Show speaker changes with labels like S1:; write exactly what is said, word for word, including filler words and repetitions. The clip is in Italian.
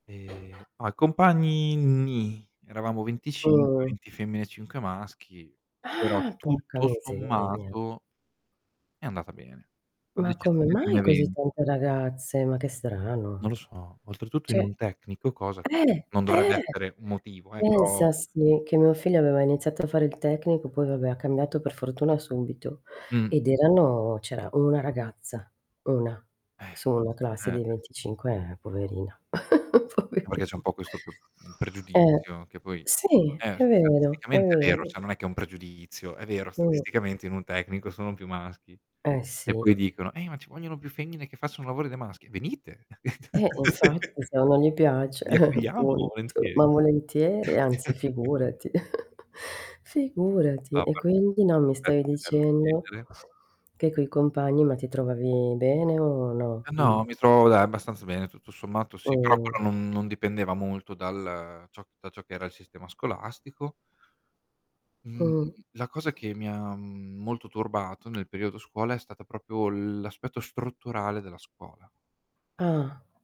S1: E a i compagni nì, eravamo venticinque,
S2: Mh.
S1: venti femmine e cinque maschi, però
S2: Ah, porca
S1: tutto
S2: miseria.
S1: sommato è andata bene, ad
S2: Ma come
S1: eccezione di un
S2: mai così
S1: evento.
S2: tante ragazze? Ma che
S1: Non
S2: strano.
S1: lo so, oltretutto in
S2: ceh
S1: un tecnico, cosa che
S2: eh,
S1: non dovrebbe
S2: eh,
S1: essere un motivo, eh, però
S2: pensa sì, che mio figlio aveva iniziato a fare il tecnico, poi vabbè ha cambiato per fortuna subito,
S1: Mh.
S2: ed erano c'era una ragazza, una
S1: Eh.
S2: su una
S1: Eh,
S2: classe di
S1: eh.
S2: venticinque, eh poverina,
S1: Ma perché
S2: poveri
S1: c'è un po' questo p mhmm,
S2: eh.
S1: pregiudizio, che poi
S2: Sì
S1: eh,
S2: è vero, è
S1: statisticamente è vero,
S2: vero.
S1: ceh non è che è un pregiudizio, è vero
S2: Mh.
S1: statisticamente, in un tecnico sono più maschi
S2: Eh, sì.
S1: e poi dicono: "Eh, ma ci vogliono più femmine che facciano lavori da maschi". Venite.
S2: Eh infatti, se non gli piace
S1: Vi accogliamo
S2: appunto,
S1: volentieri.
S2: ma volentieri, anzi, figurati, figurati. E quindi no, mi stavi dicendo,
S1: [unintelligible]
S2: che coi compagni, ma ti trovavi bene o no?
S1: Ma
S2: Mh.
S1: no, mi trovo dai, abbastanza bene, tutto sommato sì, però
S2: Mh.
S1: quello non non dipendeva molto dal ciò da ciò che era il sistema scolastico. Mhmm,
S2: Mh.
S1: la cosa che mi ha, mhmm, molto turbato nel periodo scuola, è stata propio l'aspetto strutturale della scuola.
S2: Ah.